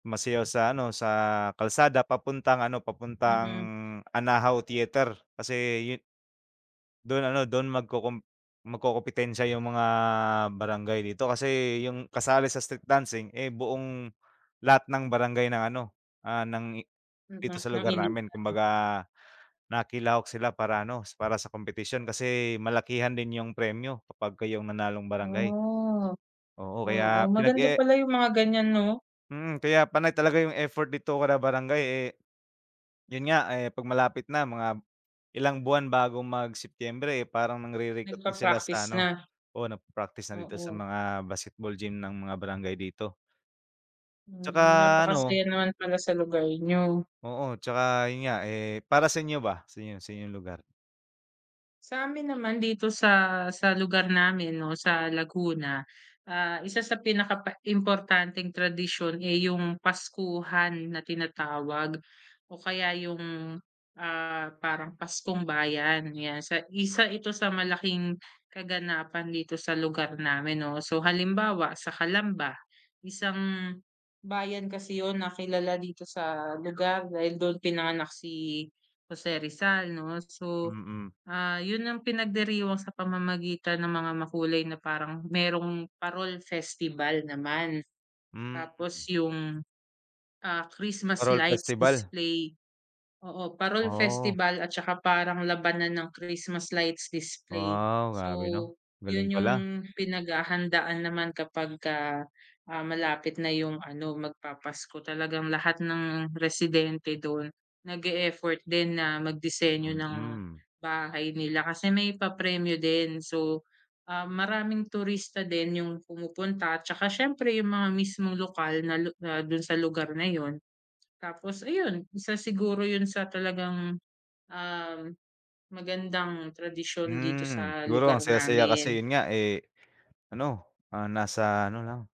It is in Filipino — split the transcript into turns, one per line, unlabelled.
Sumasayaw sa ano, sa kalsada papuntang ano, papuntang
Mm.
Anahaw Theater kasi 'yo Do'n ano, do'n magkukum magkukumpitensiya 'yong mga barangay dito. Kasi 'yong kasali sa street dancing, eh, buong lahat ng barangay ng ano, ah, ng i dito sa
[unintelligible] ng
lugar namin
Iligan.
kumbaga nakilahok sila para ano, para sa kompetisyon kasi malakihan din 'yong premyo kapag kayo ang manalong barangay.
Oh.
Oo,
Oo,
kaya
maganda
pinag-e
pala 'yong mga ganyan 'no?
Mm, kaya panay talaga 'yong effort dito kada barangay, eh 'Yon nga, eh, 'pag malapit na mga, ilang buwan bago mag-Setyembre, eh, parang nangre-recruit na sila sa
Nagpa-practice
ano,
na.
oo, nagpa-practice na dito sa
Oo.
mga basketball gym ng mga barangay dito.
Mm,
'Tsaka, ano
napakasaya naman pala sa lugar niyo.
Oo, 'tsaka 'yon nga. Eh, para sa inyo ba, sa inyo sa inyong lugar?
Sa amin naman dito sa sa lugar namin 'no, sa Laguna. Ah, isa sa pinaka pa importanteng tradisyon, eh, 'yong, Paskuhan na tinatawag o kaya 'yong, ah, parang Paskong Bayan, 'yan sa Isa ito sa malaking kaganapan dito sa lugar namin, 'no. So, halimbawa sa Calamba, isang, bayan kasi 'yon na kilala dito sa lugar dahil do'n pinanganak si Jose Rizal, 'no. So,
Mm.
ah, 'yon ang pinagdiriwang sa pamamagitan ng mga makulay na parang, mayro'ng Parol Festival naman.
Hmm.
Tapos, 'yong, ah, Christmas
Parol
lights
festival.
display, oo, Parol
Oh.
Festival at saka parang labanan ng Christmas lights display.
Wow! Grabe 'no,
So,
galing
'yon 'yong
pala.
pinaghahandaan naman kapagka, ah, malapit na 'yong ano, magpapasko. Talagang lahat ng residente do'n, nag-e-effort din na magdisenyo ng
Mm.
bahay nila kasi may papremyo din. So, ah, maraming turista din 'yong pumupunta 'tsaka siyempre 'yong mga mismong lokal na lu na do'n sa lugar na 'yon. Tapos, ayun, isa siguro 'yon sa talagang, uhm, magandang tradisyon dito
Hmm,
sa
siguro ang
lugar
saya-saya kasi
namin.
'yon nga, eh, ano, ah, nasa ano lang.